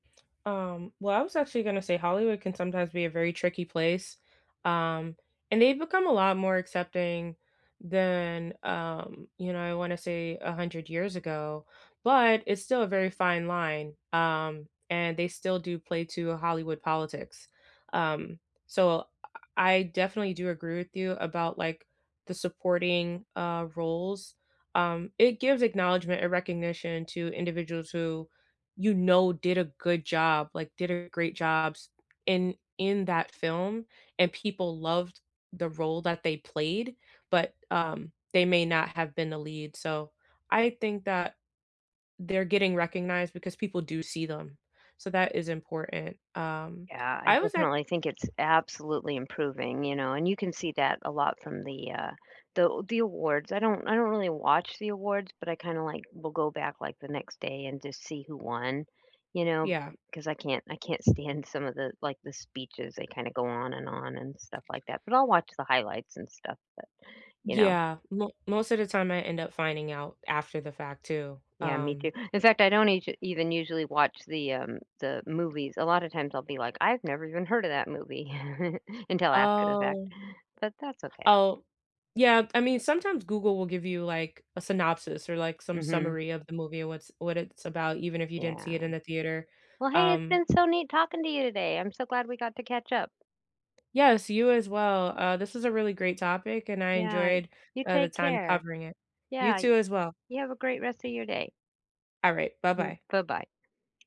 Um, well, I was actually gonna say Hollywood can sometimes be a very tricky place, um, and they've become a lot more accepting than, um, you know, I wanna say 100 years ago, but it's still a very fine line. Um, and they still do play to a Hollywood politics. Um, so I I definitely do agree with you about, like, the supporting, uh, roles. Um, it gives acknowledgement and recognition to individuals who you know did a good job, like, did a great jobs in in that film, and people loved the role that they played, but, um, they may not have been a lead. So, I think that they're getting recognized because people do see them. So that is important. Um, Yeah, I I was act definitely think it's absolutely improving, you know, and you can see that a lot from the, uh, the the awards. I don't I don't really watch the awards, but I kinda, like, will go back like the next day and just see who won, you know, Yeah. 'cause I can't I can't stand some of the, like, the speeches. They kinda go on and on and stuff like that. But I'll watch the highlights and stuff, but, you know. Yeah. Mo most of the time I end up finding out after the fact too, Yeah, me too. um. In fact, I don't eac even usually watch the, um, the movies. A lotta times I'll be like, "I've never even heard of that movie." Until after the fact. Oh. But that's okay. Oh. Yeah, I mean, sometimes Google will give you, like, a synopsis or, like, some Mhm. summary of the movie and what's what it's about, even if you didn't see Yeah. it in the theater. Well, hey, it's Um been so neat talking to you today. I'm so glad we got to catch up. Yes, you as well. Uh, this is a really great topic, and I Yeah. enjoyed, You uh, the take time care. covering it. You Yeah, y too as well. you have a great rest of your day. All right, bye-bye. Bye-bye.